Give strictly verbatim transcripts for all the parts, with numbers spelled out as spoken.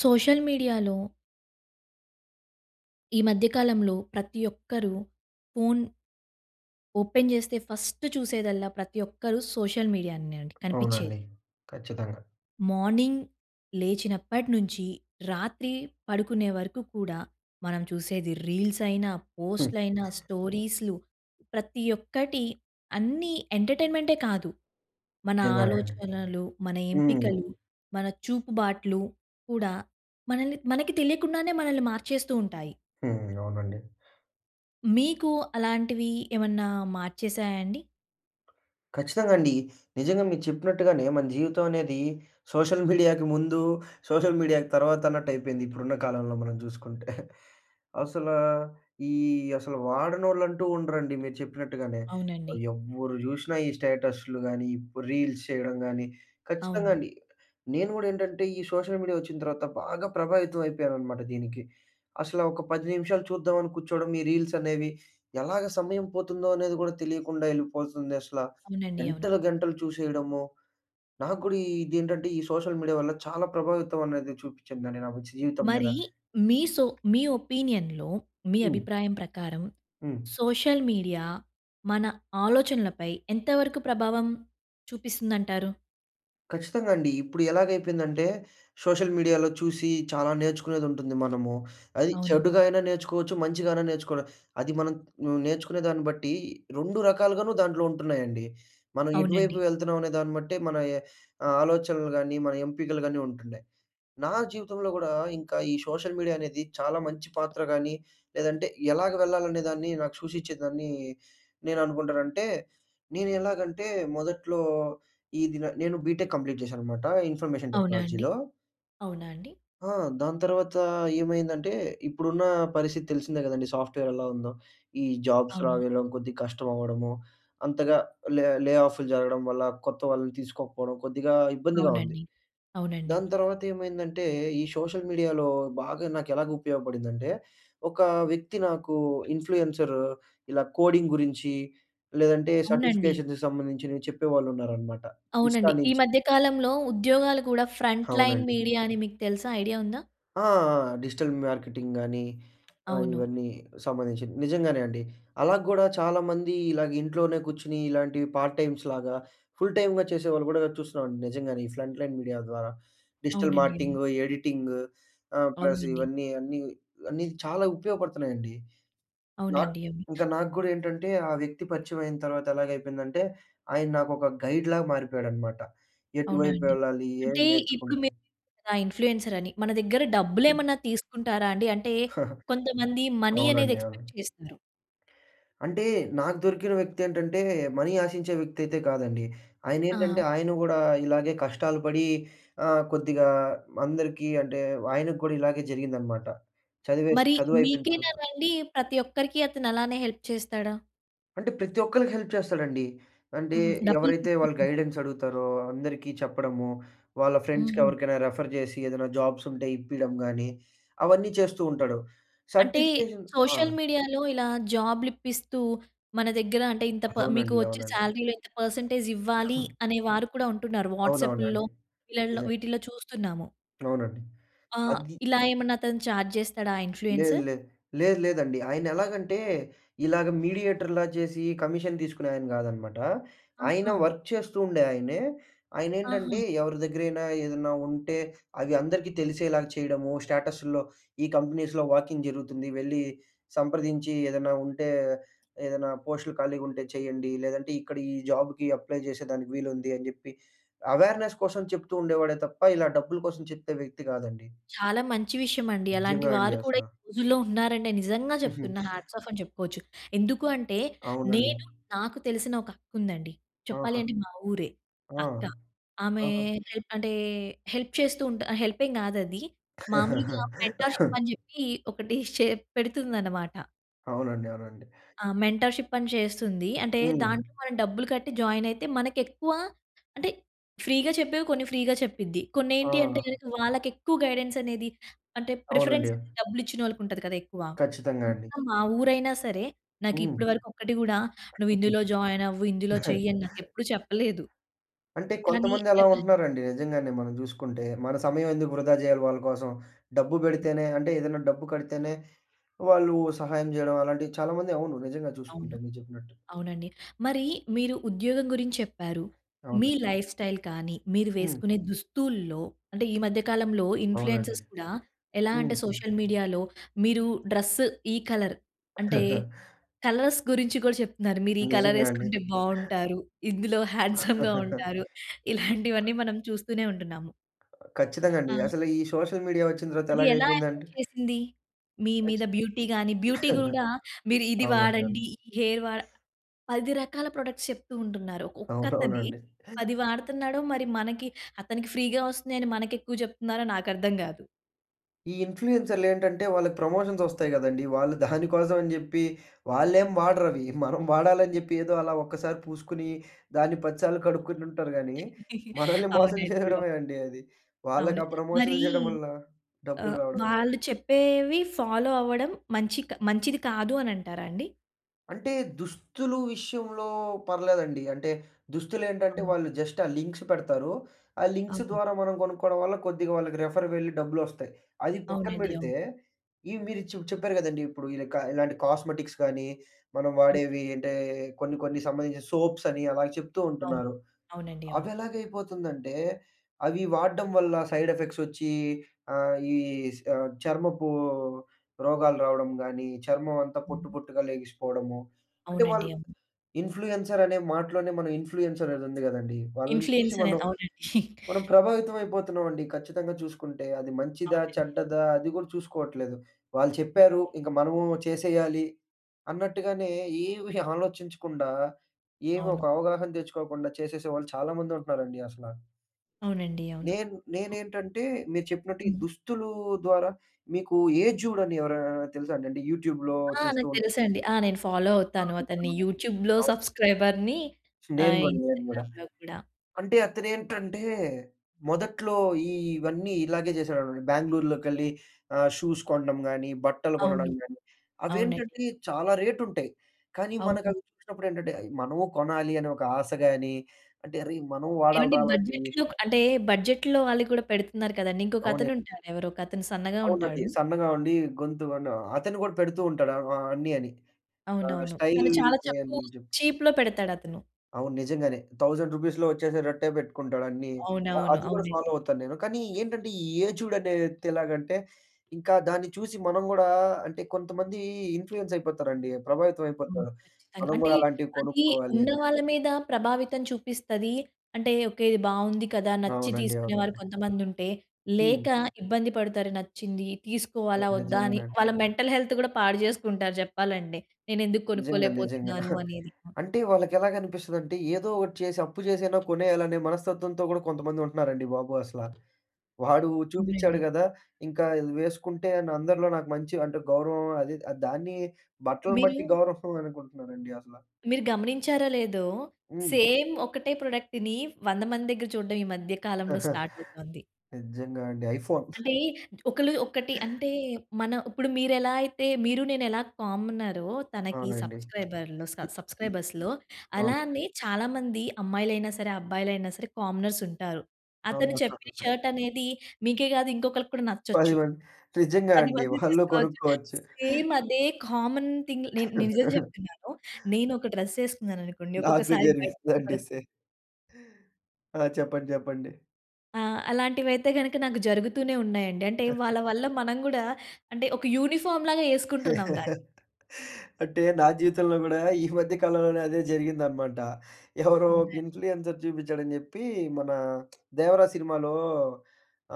Social మీడియాలో... ఈ మధ్య కాలంలో ప్రతి ఒక్కరూ ఫోన్... ఓపెన్ చేస్తే ఫస్ట్ చూసేదల్లా ప్రతి ఒక్కరు సోషల్ మీడియానే అండి కనిపించేది. అవునండి. ఖచ్చితంగా. మార్నింగ్ లేచినప్పటి నుంచి, రాత్రి పడుకునే వరకు కూడా మనం చూసేది రీల్స్ అయినా, హ్మ్. పోస్ట్‌లు అయినా, స్టోరీస్‌లు ప్రతి ఒక్కటి అన్నీ ఎంటర్టైన్మెంటే కాదు! మన నిజంగానేఅండి. ఆలోచనలు, మన హ్మ్. ఎంపికలు, మన చూపుబాట్లు కూడా మనల్ని మనకి తెలియకుండానే మనల్ని మార్చేస్తూ ఉంటాయి. హ్మ్. అవునండి. మీకు అలాంటివి ఏమన్నా మార్చేసాయా అండి? ఖచ్చితంగా అండి. నిజంగా మీరు చెప్పినట్టుగానే మన జీవితం అనేది సోషల్ మీడియాకి ముందు, సోషల్ మీడియాకి తర్వాత అన్నట్టు అయిపోయింది. ఇప్పుడున్న కాలంలో మనం జూసుకుంటే అసలా ఈ అసలు వాడనోళ్ళు అంటూ ఉండరండి. మీరు చెప్పినట్టుగానే అవునండి. ఎవ్వరు చూషినా ఈ స్టేటస్‌లు కానీ, రీల్స్ చేయడం గానీ ఖచ్చితంగా అవును. అండి నేను గూడా ఏంటంటే ఈ సోషల్ మీడియా వచ్చిన తర్వాత బాగా ప్రభావితం అయిపోయాననమాట దీనికి. అసలు ఒక పది నిమిషాలు చూద్దాం అని కూర్చోవడం ఈ రీల్స్ అనేవి. ఎలాగా సమయం పోతుందో అనేది గూడా తెలియకుండా వెళ్ళిపోతుంది అసలా. అవునండి. అవును. గంటలు గంటలు చూసేయడము నాకు గూడా ఇది ఏంటంటే ఈ సోషల్ మీడియా వల్ల చాలా ప్రభావితం అనేది చూపిచ్చిందండి నాకు జీవితం మీద. మరి, మీ సో మీ ఒపీనియన్‌లో మీ హ్మ్. అభిప్రాయం ప్రకారం, హ్మ్. సోషల్ మీడియా మన ఆలోచనలపై ఎంత వరకు ప్రభావం చూపిస్తుందంటారు? ఖచ్చితంగా అండి. ఇప్పుడు ఎలాగైపోయిందంటే సోషల్ మీడియాలో చూసి చాలా నేర్చుకునేదుంటుంది మనము. అది అవును. చెడుగా అయినా నేర్చుకోవచ్చు, మంచిగా అయినా నేర్చుకోల. అది మనం నువ్వు నేర్చుకునే దాన్ని బట్టి రెండు రకాలుగాను దాంట్లో ఉంటున్నాయండి. మనం ఎటువైపు అవునండి. వెళ్తున్నాం అనే దాన్ని బట్టే మన ఎ ఆ ఆలోచనలు గాని మన ఎంపికలుగాని ఉంటుండాయి. నా జీవితంలో గూడా ఇంకా ఈ సోషల్ మీడియా అనేది చాలా మంచి పాత్ర గానీ లేదంటే ఎలాగ వెళ్ళాలనేదాన్ని నాకు సూచించేదాన్ని, నేను అనుకుంటానంటే నేను ఎలాగంటే, మొదట్లో ఈ దిన నేను బీటెక్ కంప్లీట్ జేశానన్నమాట ఇన్ఫర్మేషన్ అవునా అండి? టెక్నాలజీలో. అవునా అండి? ఆ! దాని తర్వాతా ఏమైందంటే ఇప్పుడున్నా పరిస్థితి తెలిసిందే గదండీ సాఫ్ట్‌వేర్ ఎలావుందో. ఈ జాబ్స్ అవును. రావడం, కొద్దిగా కష్టం అవ్వడము అంతగా లె లే ఆఫ్‌లు జరగడం వల్ల, కొత్త వాళ్ళని తీసుకోకపోవడం, కొద్దిగా ఇబ్బందిగా ఉంది. అవునండి. అవునండి. దాని తర్వాత ఏమైందంటే ఈ సోషల్ మీడియాలో బాగా నాకెలాగు ఉపయోగపడిందంటే, ఒక వ్యక్తి నాకు ఇన్‌ఫ్లూయెన్సర్ ఇలా కోడింగ్ గురించీ, లేదంటే అవునండి. సర్టిఫికేషన్‌కి సంబంధించినివి చెప్పేవాళ్ళున్నారన్నమాట ఇన్‌స్టాా అవునండి ఈ నించి. మధ్య కాలంలో ఉద్యోగాలు గూడా ఫ్రంట్ లైన్ అవునండి. మీడియా అని మీకు తెలుసా? ఐడియా ఉందా? ఆ! ఆ! ఆ! డిజిటల్ మార్కెటింగ్‌ గాని ఆహ్, అవును. ఇవన్నీ సంబంధించినివి. నిజంగానే అండి. అలా కూడా చాలామందీ ఇలాగ ఇంట్లోనే కూర్చొని ఇలాంటి పార్ట్ టైమ్స్‌లాగా, ఫుల్ టైమ్‌గా చేసేవాళ్ళు కూడా చూస్తున్నామండి నిజంగానే ఈ ఫ్రంట్ లైన్ మీడియా ద్వారా. డిజిటల్ అవునండి. మార్కెటింగు, ఎడిటింగు ఆహ్, ప్లస్ అవునండి. ఇవన్నీ అన్నీ, అన్నీ చాలా ఉపయోగపడుతున్నాయండి. నాక్ అవునండి అవి ఇంకా నాకు కూడా ఏంటంటే ఆ వ్యక్తి పరిచయమైయిన తర్వాత ఎలాగైపోయిందంటే, ఆయన నాకు ఒక గైడ్‌లాగా మారిపోయాడనమాట. అవునా ఎటువైపు అండి? వెళ్ళాలి అంటే ఏమి ఇప్పుడు నేర్చుకుంటే మీరు కదా ఇన్‌ఫ్లూయెన్సరని మన దగ్గర హ్మ్. డబ్బులేమన్నా తీసుకుంటారా అండి? అంటే కొంతమంది మనీ అనేది అవునండి. అవును. ఎక్స్‌పెక్ట్ చేస్తారు. అంటే నాకు దొరికిన వ్యక్తి ఏంటంటే మనీ ఆశించే వ్యక్తి అయితే కాదండి. ఆయనేంటంటే ఆ! ఆయన గూడా ఇలాగే కష్టాలు పడి ఆహ్, కొద్దిగా అందరికి అంటే ఆయనకి కూడా ఇలాగే జరిగిందన్నమాట. చదివేసి మరి చదువైపోయిన తర్వాత. మీకేనానండి ప్రతి ఒక్కరికి అతను అలానే హెల్ప్ చేస్తాడా? అంటే ప్రతి ఒక్కళ్ళకి హెల్ప్ చేస్తాడండి. అంటే హుహు. డబ్బులు ఎవరైతే వాళ్ళ తీసుకోకుండా గైడెన్సడుగుతారో అందరికి చెప్పడము, వాళ్ళ ఫ్రెండ్స్‌కి హుహు. ఎవరికైనా రిఫర్ జేసి, ఏదైనా జాబ్సుంటే ఇప్పియడం గాని, అవన్నీ చేస్తూ ఉంటాడు. అంటే సర్టిఫికేషన్ ఆ! సోషల్ మీడియా‌లో ఇలా జాబ్‌‌లిప్పిస్తూ, మన దగ్గర అంటే ఇంత ప మీకు అవునండి. వచ్చే అవునండి. సాలరీ‌లో ఇంత పర్సెంటేజ్ ఇవ్వాలీ. అనే వారు కూడా ఉంటున్నారు. వాట్సాపుల్లో అవునవునండి. వీళ్ళల్లో నిజం. వీటిల్లో చూస్తున్నాము. అవునండి. ఆహ్, అది ఇలా ఏమన్నా అతను చార్జ్ చేస్తాడా? ఆ లేదు ఇన్‌ఫ్లూయెన్సుర్. లేదు. లేదు లేదండి. ఆయన ఎలాగంటే ఇలాగ మీడియేటర్‌లా చేసి, కమిషన్ తీసుకునే ఆయన గాదనమాట. ఆయన ఆహా! వర్క్ చేస్తూ ఉండే ఆయనే. ఆహా! ఆయనేంటంటే, ఎవరి దగ్గరైనా ఏదన్నా ఉంటే, అవి అందరికీ తెలిసేలాగా చేయడము స్టేటసుల్లో, ఈ కంపెనీస్‌లో వాకిన్ జరుగుతుంది వెళ్లి సంప్రదించి ఏదన్నా ఉంటే, ఏదైనా పోస్టులు ఖాళీగా ఉంటే చేయండి. లేదంటే ఇక్కడ ఈ జాబ్‌కి అప్లై చేసేదానికి వీలుంది అని చెప్పి, అవేర్నెస్ కోసం చెప్తూ ఉండేవాడే తప్ప ఇలా డబ్బుల కోసం చెప్తే వ్యక్తి కాదండి. చాలా మంచి విషయమండి. అలాంటి నిజంగా అండి వారు కూడా ఈ అసలా. రోజుల్లో ఉన్నారంటే నిజంగా చెప్తున్నా హాట్స్ ఆఫ్ అని చెప్పుకోచ్చు. ఎందుకూ అంటే అవునండి. నేను నాకు తెలిసిన ఒక అక్క ఉందండి. చెప్పాలి ఆహా! అంటే మా ఊరే, ఆ! అక్క. ఆమే ఆహా! హెల్పంటే, హెల్ప్ చేస్తూ ఉంటా హెల్పేమి గాదది. మామూలుగా మెంటర్‌షిప్ అని జెప్పి ఒకటీ చే పెడుతుందనమాట. అవునండి. అవునండి. ఆ! మెంటర్‍షిప్ అని చేస్తుంది. అంటే హ్మ్. దాంట్లో మనం డబ్బులు కట్టి జాయిన్ అయితే, మనకు ఎక్కువ అంటే ఫ్రీగా చెప్పేవి కొన్ని ఫ్రీగా చెప్పిద్ది. కొన్ని ఏంటి ఆ! అంటేగనక వాళ్ళకి ఎక్కువ గైడెన్స్ అనేది అంటే ప్రిఫరెన్స్ అవునండి. అనేది డబ్బులు ఇచ్చిన వాళ్ళకి ఉంటది కదా! ఎక్కువ. ఖచ్చితంగా అండి. సొంతం మా ఊరైనా సరే, నాకు హ్మ్. ఇప్పటివరకు ఒక్కటి కూడా నువ్వు ఇందులో జాయిన్ అవ్వు, ఇందులో చెయ్యి అని నాకు ఎప్పుడూ చెప్పలేదు. అంటే, కానీ కొంతమంది అలా ఎవ ఉంటున్నారండి? నిజంగానే మనం చూసుకుంటే. మన సమయం ఎందుకు వృధా చేయాలి వాళ్ళ కోసం? డబ్బు హ్మ్. పెడితేనే, అంటే ఏదైనా డబ్బు కడితేనే వాళ్ళు సహాయం చేయడం అలాంటివి చాలా మంది అవును. నిజంగా చూసుకుంటే. అవును. మీరు చెప్పినట్టు. అవునండి. మరి మీరు ఉద్యోగం గురించి చెప్పారు. మీ అవునులే. లైఫ్ స్టైల్ కానీ, మీరు హ్మ్. వేసుకునే దుస్తుల్లో, అంటే ఈ మధ్య కాలంలో అవునండి. ఇన్ఫ్లూయెన్సర్స్ కూడా ఎలా అంటే హుహు. సోషల్ మీడియాలో మీరు డ్రెస్ ఈ కలర్ అంటే కలర్స్ గురించి కూడా చెప్తున్నారు. మీరు ఈ కలర్ నిజంగా అండి. వేసుకుంటే బావుంటారు, ఇందులో హ్యాండ్సమ్‌గా ఉంటారు, ఇలాంటివన్నీ మనం చూస్తూనే ఉంటున్నాము. ఖచ్చితంగా అండి. ఆ! అసలు ఈ సోషల్ మీడియా వచ్చిన తర్వాత అది ఎలాగ ఎలా అయిపోయిందంటె? ఎఫెక్ట్ చేసింది? మీ మీద బ్యూటీ గాని, బ్యూటీ అవునండి. కూడా మీరు ఇది అవును. వాడండి, ఈ హెయిర్ వాడ పది రకాల ప్రొడక్ట్స్ చెప్తూ ఉంటున్నారు. ఒక్క అతనే అవునవునండీ. పది వాడుతున్నాడో మరి మనకి అతనికి ఫ్రీగా వస్తున్నాయి అని మనకి ఎక్కువ చెప్తున్నారో నాకు అర్థం కాదు. ఈ ఇన్ఫ్లూయెన్సర్లు ఏంటంటే, వాళ్ళకి ప్రమోషన్స్ వస్తాయి గదండీ! వాళ్ళు దానికోసం అని జెప్పి వాళ్ళేం వాడరవి. మనం వాడాలని జెప్పి ఏదో అలా ఒక్కసారి పూసుకొని దాన్ని పద సార్లు కడుక్కుని ఉంటారు గానీ మనల్ని మోసం అవునండి. అవును. జేయడమే అండి అది. వాళ్ళకి అవును. ఆ మరి ప్రమోషన్‌లు జేయడం వల్ల డబ్బులు ఆహ్, రావడమే. వాళ్ళు చెప్పేవి ఫాలో అవ్వడం మంచి క్ మంచిది కాదు అనంటారా అండి? అంటే, దుస్తులు విషయంలో పర్లేదండి. అంటే దుస్తులేంటంటే, అవును. వాళ్ళు జస్ట్ ఆ లింక్స్ పెడతారు. ఆ లింక్స్ అవును. ద్వారా మనం గొనుక్కోవడం వల్ల కొద్దిగా వాళ్ళకి రిఫర్ వెళ్లి డబ్బులొస్తాయి. అది పక్కన అవునండి. పెడితే అవును. ఈ మీరు చె చెప్పారు గదండీ! ఇప్పుడు ఇలా కా ఇలాంటి కాస్మెటిక్స్ గానీ, మనం ఓకే. వాడేవి అంటే కొన్ని కొన్ని సంబంధించిన సోప్స్ అని అలా చెప్తూ అవును. ఉంటున్నారు. అవునండి. అవును. అవి ఎలాగయిపోతుందంటే అవి వాడ్డం వల్ల సైడ్ ఎఫెక్ట్స్ వచ్చి ఆహ్, ఈ స్ ఆహ్, చర్మపు రోగాలు రావడం గాని, చర్మం అంతా పొట్టు, హ్మ్. పొట్టుగా లెగిసిపోవడము. అంటే అవునండి. వాళ్ళు, అవును. ఇన్ఫ్లుయెన్సర్ అనే మాటలోనే మనం ఇన్ఫ్లుయెన్స్ అనేది ఉంది గదండీ! వాళ్ళని చూసి ఇన్ఫ్లూయెన్స‌రే. మనం అవునండి. మనం ప్రభావితం అయిపోతున్నామండి ఖచ్చితంగా చూసుకుంటే. అది మంచిదా, అవునండి. చెడ్డదా! అది గూడా చూసుకోవట్లేదు. వాళ్ళు చెప్పారు. అవునండి. ఇంక మనమూ చేసేయాలి. అన్నట్టుగానే ఏవీ ఆలోచించకుండా ఏవి ఒక అవును. అవగాహన దెచ్చుకోకుండా చేసేసేవాళ్ళు చాలా మంది ఉంటున్నారండి అసల. అవునండి. అవును. నేను నేనేంటంటే, మీరు చెప్పినట్టు ఈ హ్మ్. దుస్తులూ ద్వారా మీకు ఏజూడ్ అని ఎవరైనా తెలుసా అండి? అంటే, యూట్యూబ్‌లో ఆ! చేస్తూ నాకు ఉంటారు. తెలుసండి. ఆ! నేను ఫాలో అవుతాను అవును. అతన్ని. ఇతను యూట్యూబ్‌లో అవును. సబ్‌స్క్రైబర్‌ని నేను ఆహ్, గుడ, నేను గూడ. ఇన్‌స్టాగ్రామ్‌లో కూడా. అంటే అతనేంటంటే, మొదట్లో ఈ ఇవన్నీ ఇలాగే చేశాడన్నమాట. బెంగుళూరులోకెళ్ళి ఆహ్, షూస్ కొనడం గాని, బట్టలు కొనడం అవును. గాని అవునండి. అవేంటంటే చాలా రేటుంటాయి. కానీ అవును. మనకవి చూసినప్పుడేంటంటే, అయి మనము కొనాలి అనే ఒక ఆశ గాని, అంటే అరేయ్! మనం ఏవండీ వాడాలిరా అలాంటివి బడ్జెట్‌లోక్ అంటే, బడ్జెట్‌లో వాళ్ళు కూడా పెడుతున్నారు కదండీ! ఇంకొక అవునండి. అతను ఉంటారెవరో ఒకొతను సన్నగా అవునండి ఉంటాడు. సన్నగా ఉండి గొంతు వనా అతన్నికూడా పెడుతూ ఉంటాడు ఆహ్, అన్ని అని. ఆహ్, అవునవును. స్టైల్. తను చాలా తక్కువ అయ్యని చెప్ చీప్‌లో పెడతాడతను. అవును నిజంగానే. థౌసండ్ రూపీస్‌లో వచ్చేసేటట్టే పెట్టుకుంటాడన్ని. ఆహ్, అవునవును. అది కూడా ఫాలో అవునండి. అవుతాను నేను. కానీ ఏంటంటే, ఈ ఏజూడ్ అనే వ్యక్తి ఎలాగంటే ఇంకా దాన్ని చూసి మనం గుడా, అంటే కొంతమందీ ఇన్‌ఫ్లూయెన్స్ అయిపోతారండి, ప్రభావితం అవును అయిపోతారు. ఖచ్చితంగా. మనం అంటే, గుడా అలాంటివి అది కొనుక్కోవాలి ఉన్న అని. వాళ్ళ మీద ప్రభావితం చూపిస్తది. అంటే ఓకె ఇది బాగుంది కదా నచ్చి అవునండి. తీసుకునేవారు అవునండి. కొంతమంది ఉంటే, హ్మ్. లేక ఇబ్బంది పడతారు, నచ్చింది అ! తీసుకోవాలా, వద్దా అని నిజంగానండీ. వాళ్ళ మెంటల్ హెల్త్ కూడా పాడుచేసుకుంటారు చెప్పాలండి. నేనెందుకు నిజంగా నిజంగా. కొనుక్కోలేకపోతున్నాను! అనేది. అంటే, వాళ్ళకి ఎలాగనిపిస్తుందంటే ఏదో ఒకటి చేసి, అప్పు చేసైనా కొనేయాలనే మనస్తత్వంతో కూడా కొంతమంది ఉంటున్నారండి బాబు! అసల. వాడు చూపించాడు అవునండి. గదా! ఇంకా ఇది వేసుకుంటే అని అందరిలో నాకు మంచి అంటే గౌరవం అది ఆహ్, దాన్ని బట్టలను మీరు బట్టి గౌరవం అనుకుంటున్నారండి అసల. మీరు గమనించారో లేదో! హ్మ్. సేమ్ ఒకటే ప్రొడక్ట్‌ని వంద మంది దగ్గర చూడడం ఈ మధ్య కాలంలో స్టార్ట్ అవుతుంది. నిజంగా అండి. 'ఐఫోన్'. అంటే ఒకలు ఒకటి అంటే, మన ఇప్పుడు మీరు ఎలా అయితే మీరు నేను ఎలా కామనరో తనకి అవునండి. సబ్‌స్క్రైబర్‌‌లో స హ్మ్. హ్మ్. సబ్‌స్క్రైబర్స్‌లో అవును. అలానే చాలా మంది అమ్మాయిలైనా సరే, అబ్బాయిలైనా సరే, కామనర్స్ ఉంటారు. అతను చెప్పిన షర్ట్ అనేది మీకే కాదు ఇంకొకరికి కూడా పది నచ్చొచ్చు. మంది. నిజంగా పది అండి మంది వాళ్ళూ తీసుకోవచ్చు. కొనుక్కోవచ్చు. సేమ్ అదే కామన్ థింగ్‌ నె నిజం చెప్తున్నాను, నేను ఒక డ్రెస్ వేసుకున్నాననుకోండి నాకూ ఒక్కొక్కసారి బయట జరిగిందండి కనపడుతుంది. సేమ్. ఆ! చెప్పండి చెప్పండి. ఆ! అలాంటివైతే గనుక నాకు జరుగుతూనే ఉన్నాయండి. అంటే వాళ్ళ వల్ల మనం కూడా అంటే ఒక యూనిఫార్మ్‌లాగా ఎసుకుంటున్నాం దాన్ని. అంటే నా జీవితంలో కూడా ఈ మధ్య కాలంలోనే అదే జరిగిందనమాట. ఎవరో ఒక అవునండి. ఇన్‌ఫ్లు‌‌యెన్సర్ చూపించాడని చెప్పి మన 'దేవరా' సినిమాలో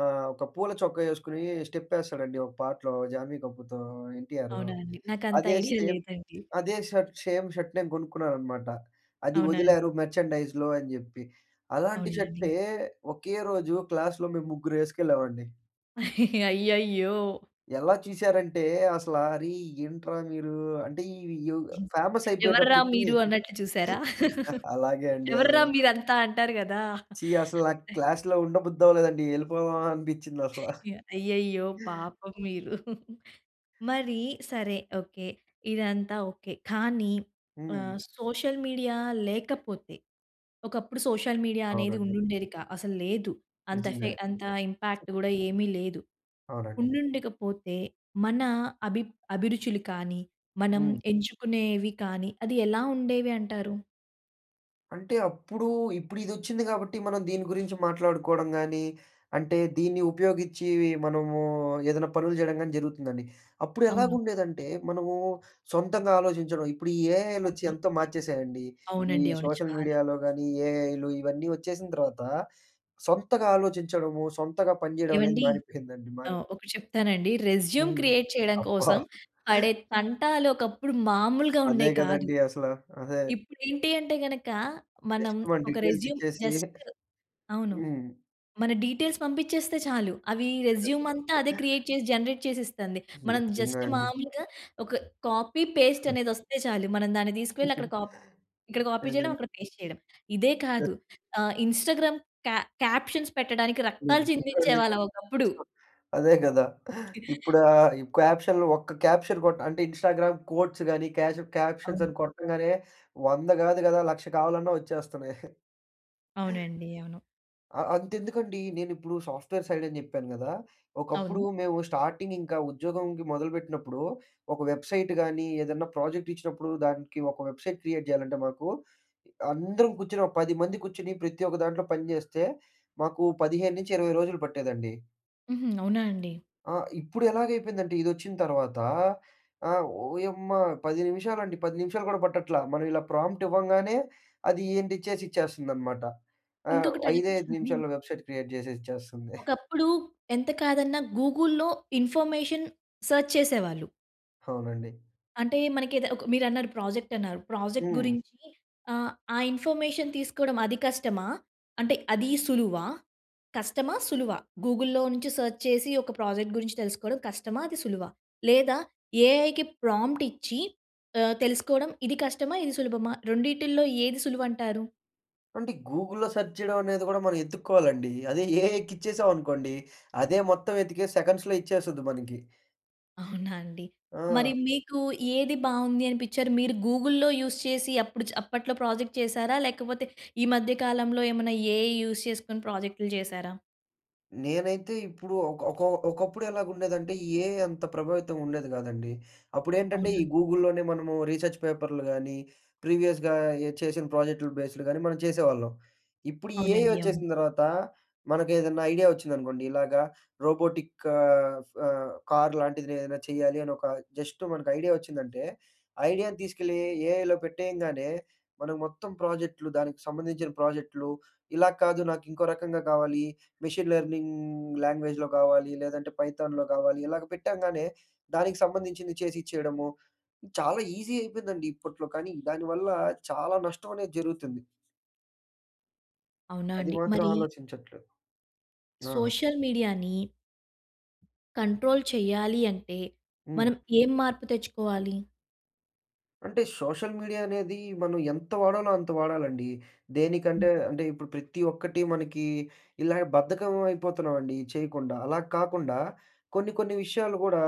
ఆహ్, ఒక పూల చొక్క ఎసుకొని స్టెపెస్తాడండి ఒక పాటలో జాన్వి కపూర్‌తో, ఎన్‍టిఆర్. అవునా అండి? నాకంత అదే ఐడియా సేమ్ లేదండి. అదే షర్ట్ సేమ్ షర్ట్ నేను కొనుక్కున్నాను అనమాట. అది అవునండి. వదిలారు మర్చండైజ్‌లో అని చెప్పి. అలాంటి అవునా అండి? షట్లే ఒకే రోజు క్లాస్‌లో మేము ముగ్గురం వేసుకెళ్ళామండి. అయ్యయ్యో! ఎలా చూసారంటే అసల "అరే ఏంట్రా మీరు?" అంటే ఇవి ఫేమస్ "ఎవర్రా అయిపోయేటప్పటికి మీరు" అన్నట్లు చూసారా? అలాగే అండి. ఆ! "ఎవర్రా మీరు అంతా?" అంటారు కదా! ఛీ అసలు నాకు క్లాస్‌లో ఉండబుద్ది అవ్వలేదండి. వెళ్ళిపోదామా అనిపించింది అసలా. యాహ్! అయ్యయ్యో! పాపం మీరు. మరి సరే ఓకే. ఇదంతా ఓకే. కానీ హ్మ్. ఆహ్, సోషల్ మీడియా లేకపోతే, ఒకప్పుడు సోషల్ మీడియా అనేది అవునండి. ఉండుండేది కా అసలు లేదు. అంత ఎఫె నిజంగా. అంత ఇంపాక్ట్ కూడా ఏమీ లేదు, అవునండి. ఉండుండక పోతే మన అభి అభిరుచులు కానీ, మనం హ్మ్. ఎంచుకునేవి కానీ అది ఎలా ఉండేవి అంటారు? అంటే, అప్పుడూ, ఇప్పుడిదొచ్చింది గాబట్టి, మనం దీని గురించి మాట్లాడుకోడం గానీ, అంటే, దీన్ని ఉపయోగిచ్చేవి మనమూ ఏదన్నా పనులు జేయడం గానీ జరుగుతుందండి. అవును. అప్పుడెలాగుండేదంటే, మనమూ సొంతంగా ఆలోచించడం, ఇప్పుడు ఈ ఏఐలొచ్చి అవును. ఎంతో మార్చేసాయండి. ఈ అవునండి. అవును. సోషల్ చాలా. మీడియాలో గానీ, ఈ ఏఐలు, ఇవన్నీ వచ్చేసిన తర్వాతా, సొంతగా ఆలోచించడము, సొంతగా పనిజేయడం అనేది ఏవండీ! మానిపోయిందండి. మారి ఆహ్, ఒకటి చెప్తారా అండి. రెజ్యూమ్ హ్మ్. క్రియేట్ చేయడం అబ్బా! కోసం, పడే తంటాలొకప్పుడు మామూలుగా అదే ఉండేయి కాదు. గదండీ అసల. అదే. ఇప్పుడేంటి అంటే గనకా, మనం జస్టు మన ఒక రెజ్యూమ్ డీటేల్సిచ్చేసీ జస్టు అవును. హ్మ్. మన డీటేల్స్ పంపిచ్చేస్తే చాలు, అవీ అంతే రెజ్యూమంతా అదే గదా! క్రియేట్ చేసి, జనరేట్ చేసిస్తంది. మనం నిజమే జస్ట్ అండి. మామూలుగా ఒక కాపీ, పేస్టనేదొస్తే చాలు. మనం దాన్ని దీసుకువెళ్ళక్కడ కాప్ ఇక్కడ కాపీ చేయడం, అదేనండీ. అక్కడ పేస్ట్ చేయడం. ఇదే ప్ర కాదు, ఆహ్, ఇన్‌స్టాగ్రామ్ క్యా క్యాప్షన్స్ పెట్టడానికి హ్మ్. రక్తాలు ఇకండి. చందించేవాళ్ళుం ఒకప్పుడు. అదే కదా! ఇప్పుడా ఈ క్యాప్షన్‌‌‌‌‌‌‌‌‌‌‌‌‌‌‌‌లో ఒక్క క్యాప్షన్ కొట్ అంటే, ఇన్‌స్టాగ్రామ్ కోట్స్ గాని క్యాషు అవును. క్యాప్షన్సని కొట్టంగానే, వంద గాదు గదా, లక్ష కావాలన్నా వచ్చేస్తన్నాయి. అవునండి. అవును. అ అంతెందుకండీ నేనిప్పుడు సాఫ్ట్‌వేర్ సైడని జెప్పాను గదా! ఒకప్పుడు అవునూ. మేము స్టార్టింగింకా ఉద్యోగంకి మొదలుబెట్టినప్పుడూ, ఒక వెబ్సైటు గానీ, ఏదన్నా ప్రాజెక్టిచ్చినప్పుడు దానికి ఒక వెబ్సైట్ క్రియేట్ జేయాలంటే మాకూ అందరం కూర్చొనో పది మంది కూర్చొని, ప్రతి ఒక్క దాంట్లో పనిజేస్తే, మాకు పదిహేను నుంచి ఇరవై రోజులు పట్టేదండి. హుహు. అవునా అండి? ఆ! ఇప్పుడు ఎలాగ అయిపోయిందంటే ఇది వచ్చిన తర్వాత. ఆహ్, ఓయమ్మా! పది నిమిషాలండి. పది నిమిషాలు కూడా పట్టట్ల. మనం ఇలా ప్రాంప్ట్ ఇవ్వంగానే, అది ఏంటి చేసి ఇచ్చేస్తుందనమాట. ఆ! ఇంకొకటి ఐదే అడగొచ్చా ఐదు అండి? నిమిషాల్లో వెబ్‌సైట్ క్రియేట్ చేసి ఇచ్చేస్తుంది. ఒకప్పుడు ఎంత కాదన్నా గూగుల్‌లో ఇన్ఫర్మేషన్ సెర్చ్ చేసేవాళ్ళు. అవునండి. అంటే మనకి ఏద ఒక మీరన్నారు ప్రాజెక్ట్ అన్నారు ప్రాజెక్ట్ హ్మ్. గురించి ఆహ్, ఆ ఇన్ఫర్మేషన్ తీసుకోవడం అది కష్టమా? అంటే అది సులువా? కష్టమా? సులువా? గూగుల్‌లో నుంచి సెర్చ్ చేసి ఒక ప్రాజెక్ట్ గురించి తెలుసుకోవడం కష్టమా? అది సులువా? లేదా ఏఐకి ప్రాంప్ట్ ఇచ్చి ఆహ్, తెలుసుకోవడం ఇది కష్టమా? ఇది సులభమా? రెండిటిలో ఏది సులువు అంటారు? అంటే గూగుల్‌లో సెర్చ్ చేయడం అనేది కూడా మనం ఎతుక్కోవాలండి. అదే ఏఐ ఎక్కిచ్చేసాం అనుకోండి అదే మొత్తం ఎతికేసి సెకండ్స్‌లో ఇచ్చేస్తది మనకి. అవునా అండి? మరి ఆ! మీకు ఏది బావుంది అనిపించారు మీరు గూగుల్‌లో యూజ్ చేసి అప్పుడు అప్పట్లో ప్రాజెక్ట్ చేసారా? లేకపోతే ఈ మధ్య కాలంలో ఏమన్నా ఏఐ యూజ్ చేసుకొని ప్రాజెక్టులు చేశారా? నేనైతే ఇప్పుడు ఒక ఒక ఒకప్పుడు ఎలా ఉండేదంటే, ఈ ఏఐ అంత ప్రభావితం ఉండేది కాదండి. అప్పుడు ఏంటంటే, ఈ అవునండి. గూగుల్‍లోనే మనము రీసెర్చ్ పేపర్‌లు గానీ, ప్రీవియస్‌గా చేసిన ప్రాజెక్టులు బేస్‍లు గానీ, మనం చేసేవాళ్ళం. ఇప్పుడు ఈ ఏఐ అవునండి. అవును. వచ్చేసిన తర్వాత మనకు ఏదన్నా ఐడియా వచ్చిందనుకోండి. ఇలాగ రోబోటిక్ ఆహ్ ఆహ్, కార్ లాంటిది ఏదైనా చేయాలి అని ఒక జస్ట్ మనకు ఐడియా వచ్చిందంటే, ఐడియాను తీసుకెళ్ళి ఏఐలో పెట్టేయంగానే, మనం మొత్తం ప్రాజెక్ట్‌లు, దానికి సంబంధించిన ప్రాజెక్ట్‌లు, ఇలా కాదు నాకు ఇంకో రకంగా కావాలి, మెషిన్ లెర్నింగ్ లాంగ్వేజ్‌లో కావాలి, లేదంటే పైథాన్‍లో కావాలి. ఇలాగ పెట్టంగానే దానికి సంబంధించింది చేసి ఇచ్చేయడము. చాలా ఈజీ అయిపోయిందండి ఇప్పట్లో. కానీ దాని వల్ల చాలా నష్టం అనేది జరుగుతుంది. అవునా అది అండి. మాత్రం మరి ఆలోచించట్లేదు. ఆ! సోషల్ మీడియాని... కంట్రోల్ చేయాలి అంటే, హ్మ్. మనం ఏం మార్పు తెచ్చుకోవాలి? అంటే, సోషల్ మీడియా అనేది మనం ఎంత వాడాలో అంత వాడాలండి. దేనికంటే హుహు. అంటే, ఇప్పుడు ప్రతి ఒక్కటి మనకి ఇలా బద్ధకం అయిపోతున్నామండి చేయకుండా. అలా కాకుండా, కొన్ని, కొన్ని విషయాలు కూడా,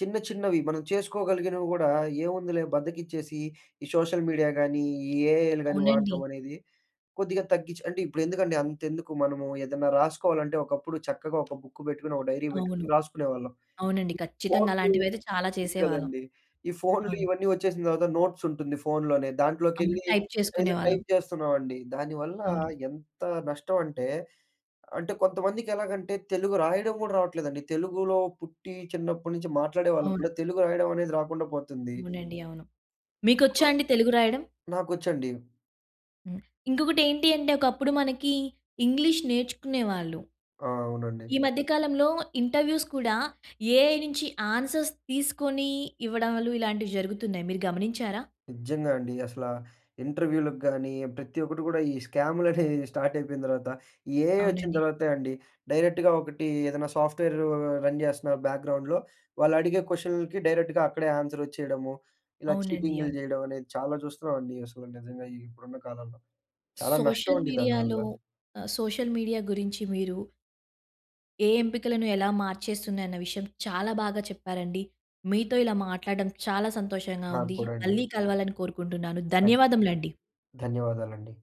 చిన్న, చిన్నవి మనం చేసుకోగలిగినవి కూడా ఏముందిలే బద్ధకిచ్చేసి, ఈ సోషల్ మీడియా గానీ, ఈ ఏఐలు గాని అవునండి. వాడటం అనేది కొద్దిగా తగ్గించి అంటే ఇప్పుడు ఎందుకండి అంతెందుకు మనము ఏదన్నా రాసుకోవాలంటే, ఒకప్పుడు చక్కగా ఒక బుక్ పెట్టుకొని, ఒక డైరీ అవును. పెట్టుకొని రాసుకునేవాళ్ళం. అవునండి. ఈ ఖచ్చితంగా ఫోన్లు అలాంటివైతే చాలా ఉ చేసేవాళ్ళం. కదండీ. ఈ ఫోన్లు అవును. ఇవన్నీ వచ్చేసిన తర్వాత నోట్స్ ఉంటుంది ఫోన్‌లోనే, అవును. దాంట్లోకెళ్ళి టైప్ ఏదో చేసుకునేవాళ్ళం. టైప్ చేస్తున్నామండి. దానివల్ల అవును. ఎంత నష్టం అంటే, అంటే కొంతమందికి ఎలాగంటే తెలుగు రాయడం కూడా రావట్లేదండి. తెలుగులో పుట్టి, చిన్నప్పటి నుంచి మాట్లాడేవాళ్ళం అవును. కూడా తెలుగు రాయడం అనేది రాకుండా పోతుంది. అవునండి. అవును. మీకొచ్చా అండి తెలుగు రాయడం? నాకొచ్చండి. హ్మ్. ఇంకొకటి ఏంటి అంటే, ఒకప్పుడు మనకి ఇంగ్లీష్ నేర్చుకునేవాళ్ళు. ఆ! అవునండి. ఈ మధ్య కాలంలో ఇంటర్వ్యూస్ కూడా, ఏఐ నుంచి ఆన్సర్స్ తీసుకొని ఇవ్వడాలు, ఇలాంటివి జరుగుతున్నాయి. మీరు గమనించారా? నిజంగా అండి. అసల ఇంటర్వ్యూలకి గాని, ప్రతి ఒక్కటి కూడా, ఈ స్క్యామ్‍లు అనేవి స్టార్ట్ అయిపోయిన తర్వాత, ఈ ఏఐ వచ్చిన అవునండి. తర్వాతే అండి. డైరెక్ట్‌గా ఒకటి ఏదైనా సాఫ్ట్‌వేరు రన్ చేస్తున్న బ్యాక్గ్రౌండ్‍లో, వాళ్ళు అడిగే క్వెషన్‌లకి డైరెక్ట్‌గా అక్కడే ఆన్సర్ వచ్చేయడము, ఇలా అవునండి. చీటింగ్‌లు అవును. చేయడం అనేది చాలా చూస్తున్నామండి. అసలు నిజంగా ఇప్పుడున్న కాలంలో. చాలా నష్టం సోషల్ అండి దానివల్ల. మీడియాలో ఆహ్, సోషల్ మీడియా గురించి మీరు... ఏ ఎంపికలను ఎలా మార్చేస్తుది అన్న విషయం, చాలా బాగా చెప్పారండి. మీతో ఇలా మాట్లాడడం చాలా సంతోషంగా నాకు ఉంది. కూడా అండి. మళ్ళీ కలవాలని కోరుకుంటున్నాను. ఖచ్చితంగా. ధన్యవాదములండి. ధన్యవాదాలండి.